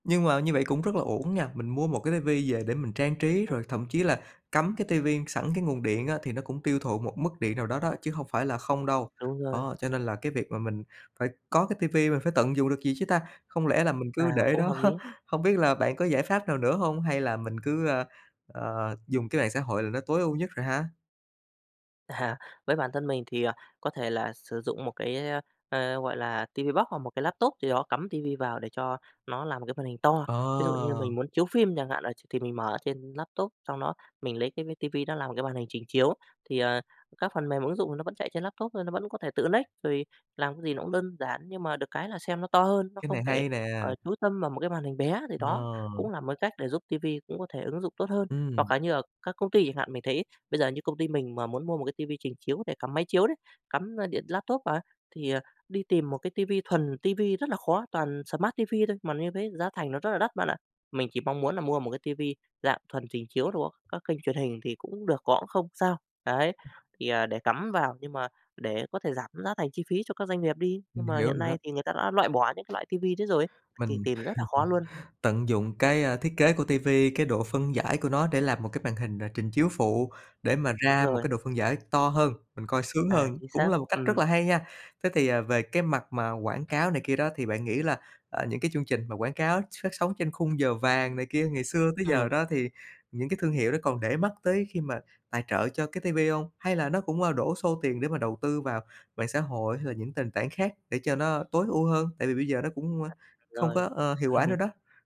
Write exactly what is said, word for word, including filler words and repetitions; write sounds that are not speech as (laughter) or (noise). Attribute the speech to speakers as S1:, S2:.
S1: Nhưng mà như vậy cũng rất là uổng nha, mình mua một cái TV về để mình trang trí,
S2: Ừm.
S1: rồi thậm chí là cắm cái TV sẵn cái nguồn điện á thì nó cũng tiêu thụ một mức điện nào đó đó chứ hông phải là không đâu.
S2: Đúng rồi.
S1: Đó, cho nên là cái việc mà mình phải có cái TV, mình phải tận dụng được gì chứ ta? Không lẽ là mình cứ
S2: À,
S1: để
S2: cũng
S1: đó?
S2: hợp lý.
S1: Hông biết là bạn có giải pháp nào nữa hông hay là mình cứ, ờ, ờ, dùng cái mạng xã hội là nó tối ưu nhất rồi ha?
S2: À, với bản thân mình thì, à, có thể là sử dụng một cái, ơ, ờ, gọi là TV Box hoặc một cái laptop gì đó, cắm TV vào, để cho nó làm một cái màn hình to. Ví dụ như
S1: Ờ!
S2: mình muốn chiếu phim chẳng hạn, là ch thì mình mở trên laptop, xong đó mình lấy cái mấy TV nó làm một cái màn hình trình chiếu. Thì, ờ, các phần mềm ứng dụng thì nó vẫn chạy trên laptop thôi, nó vẫn có thể tự lếch, rồi làm cái gì nó cũng đơn giản, nhưng mà được cái là xem nó to hơn, nó
S1: Cái
S2: không
S1: này
S2: phải,
S1: hay nè!
S2: ờ, chú tâm vào một cái màn hình bé, thì đó cũng
S1: Ờ.
S2: là một cái cách để giúp TV cũng có thể ứng dụng tốt hơn.
S1: Ừm.
S2: Hoặc là như ở các công ty chẳng hạn, mình thấy bây giờ như công ty mình mà muốn mua một cái TV trình chiếu để cắm máy chiếu đấy, cắm, ờ, điện laptop vào ấy, thì, à, đi tìm một cái TV thuần TV rất là khó, toàn smart TV thôi, mà như thế giá thành nó rất là đắt bạn ạ. Mình chỉ mong muốn là mua một cái TV dạng thuần trình chiếu đồ á, các kênh truyền hình thì cũng được, có cũng không sao, đấy, thì, à, để cắm vào, nhưng mà để có thể giảm giá thành chi phí cho các doanh nghiệp đi. Nhưng
S1: Mình
S2: mà
S1: hiểu
S2: hiện
S1: rồi
S2: nay
S1: đó.
S2: thì người ta đã loại bỏ những cái loại TV đấy rồi ấy, thì
S1: Mình
S2: tìm rất là khó luôn.
S1: (laughs) tận dụng cái, a, thiết kế của TV, cái độ phân giải của nó để làm một cái màn hình n trình chiếu phụ để mà
S2: Đúng
S1: ra một
S2: rồi.
S1: cái độ phân giải to hơn, mình coi sướng
S2: À,
S1: hơn,
S2: chính
S1: cũng
S2: xác,
S1: là một cách rất
S2: ừm.
S1: là hay nha. Thế thì, à, về cái mặt mà quảng cáo này kia đó, thì bạn nghĩ là, à, những cái chương trình mà quảng cáo ch phát sóng trên khung giờ vàng này kia, ngày xưa tới giờ
S2: Ừm.
S1: đó, thì những cái thương hiệu đó còn để mắt tới khi mà tài trợ cho cái TV hông? Hay là nó cũng, à, đổ xô tiền để mà đầu tư vào mạng xã hội hay là những tền tảng khác để cho nó tối ưu hơn, tại vì bây giờ nó cũng, a, không có,
S2: Rồi.
S1: ơ, hiệu quả nữa
S2: (laughs)
S1: đó?